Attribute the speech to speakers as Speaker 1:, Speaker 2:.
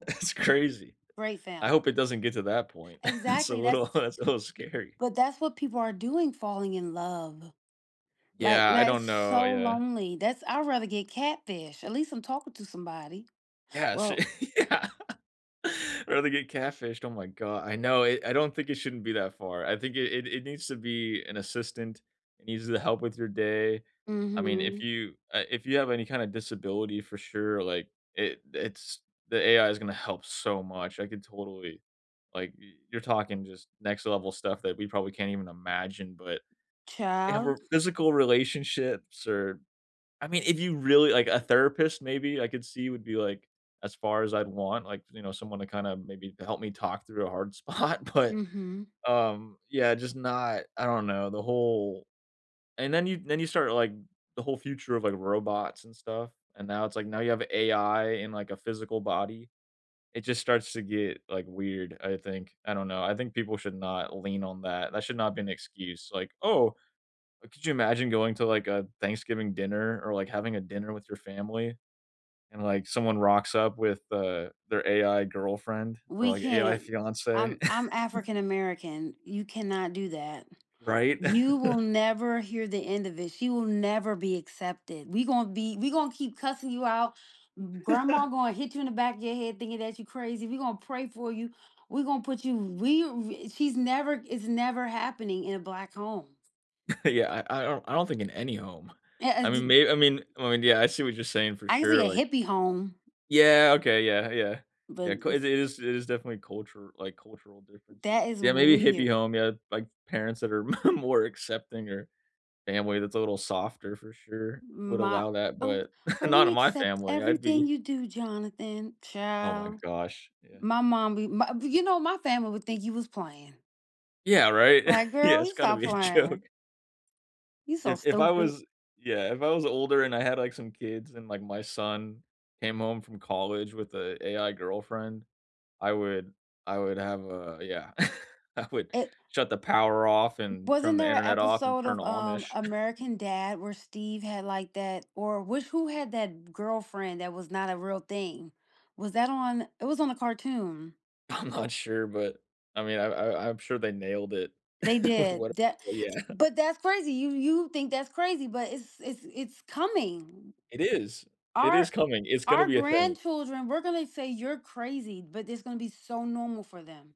Speaker 1: That's crazy.
Speaker 2: Great
Speaker 1: I
Speaker 2: film.
Speaker 1: hope it doesn't get to that point. It's a
Speaker 2: Exactly,
Speaker 1: little
Speaker 2: that's
Speaker 1: that's a little scary.
Speaker 2: But that's what people are doing falling in love, like,
Speaker 1: Yeah, I
Speaker 2: that is
Speaker 1: don't know.
Speaker 2: so
Speaker 1: Yeah.
Speaker 2: lonely. That's I'd rather get catfish, at least I'm talking to somebody. S
Speaker 1: Yes.
Speaker 2: well
Speaker 1: Yeah. Or they get catfished. Oh, my go I know, it I don't think it shouldn't be that far, I think it it it needs to be an assistant, it needs to help with your day. I mean, if
Speaker 2: Mhm.
Speaker 1: you, uh, if you have any kinda disability for sure, like, it it's the AI is gonna help so much, I could totally like, y you're talking just next level stuff that we probably can't even imagine. But they have
Speaker 2: Child.
Speaker 1: more physical relationships or I mean, if you really like, a therapist maybe, I could see, would be, like, as far as I'd want, like, you know, someone to kinda maybe help me talk through a hard spot. But,
Speaker 2: Mhm.
Speaker 1: um, yeah, just not I don't know, the whole And then you then you start, like, the whole future of, like, robots and stuff and now it's, like, now you have AI in, like, a physical body. It just starts to get, like, weird, I think. I don't know, I think people should not lean on that, that should not be an excuse. Like, "Oh" oh could you imagine going to, like, a Thanksgiving dinner or, like, having a dinner with your family and, like, someone rocks up with, uh, their AI girlfriend or,
Speaker 2: We
Speaker 1: like, AI
Speaker 2: can't.
Speaker 1: fiancée?
Speaker 2: I'm I'm African American, you cannot do that.
Speaker 1: Right?
Speaker 2: You will never hear the end of it; she will never be accepted. We gonna be we gonna keep cussing you out. M grandma gonna hit you in the back of your head thinking that you crazy. We gonna pray for you. We gonna put you we w she's never it's never happening in a black home.
Speaker 1: Yeah. I I don't I don't think in any home.
Speaker 2: E a
Speaker 1: I
Speaker 2: z
Speaker 1: mean, may I mean well and yeah, I see what you're saying for
Speaker 2: I can see
Speaker 1: sure,
Speaker 2: a
Speaker 1: like
Speaker 2: hippie home
Speaker 1: Yeah, okay. Yeah, yeah.
Speaker 2: but
Speaker 1: Yeah, 'ca it
Speaker 2: ns
Speaker 1: is it is definitely culture like, cultural differences
Speaker 2: That is
Speaker 1: Yeah, maybe a hippie
Speaker 2: weird.
Speaker 1: home, yeah. Like, parents that are more accepting or family that's a little softer for sure would
Speaker 2: My
Speaker 1: allow that,
Speaker 2: "Oh
Speaker 1: but
Speaker 2: oh,
Speaker 1: not
Speaker 2: we
Speaker 1: in my
Speaker 2: accept
Speaker 1: family, I'd
Speaker 2: everything
Speaker 1: be
Speaker 2: you do, Jonathan."
Speaker 1: Oh, my
Speaker 2: Child,
Speaker 1: gosh. Yeah.
Speaker 2: my mom be ma b you know, my family would think you was playing.
Speaker 1: Yeah, right?
Speaker 2: Like,
Speaker 1: Yeah,
Speaker 2: "Girl,
Speaker 1: it's
Speaker 2: you
Speaker 1: gotta
Speaker 2: stop
Speaker 1: be a
Speaker 2: playing."
Speaker 1: joke.
Speaker 2: You so
Speaker 1: If if I
Speaker 2: stupid.
Speaker 1: was Yeah, if I was older and I had, like, some kids and, like, my son came home from college with a AI girlfriend, I would I would have a yeah. I would
Speaker 2: It
Speaker 1: shut the power off
Speaker 2: W
Speaker 1: and
Speaker 2: wasn't
Speaker 1: turn the
Speaker 2: there a
Speaker 1: Internet off and
Speaker 2: episode
Speaker 1: turn
Speaker 2: of, um,
Speaker 1: Amish.
Speaker 2: American Dad where Steve had, like, that or which who had that girlfriend that was not a real thing? Was that on it was on a cartoon.
Speaker 1: I'm not sure, but, I mean, I I I'm sure they nailed it
Speaker 2: They
Speaker 1: with
Speaker 2: did,
Speaker 1: what
Speaker 2: tha
Speaker 1: Yeah.
Speaker 2: but, that's crazy. You you think that's crazy, but it's it's it's coming.
Speaker 1: It is. It is
Speaker 2: Our
Speaker 1: coming, it's gonna
Speaker 2: our
Speaker 1: be a thing.
Speaker 2: grandchildren we're gonna say "You're crazy," but it's gonna be so normal for them.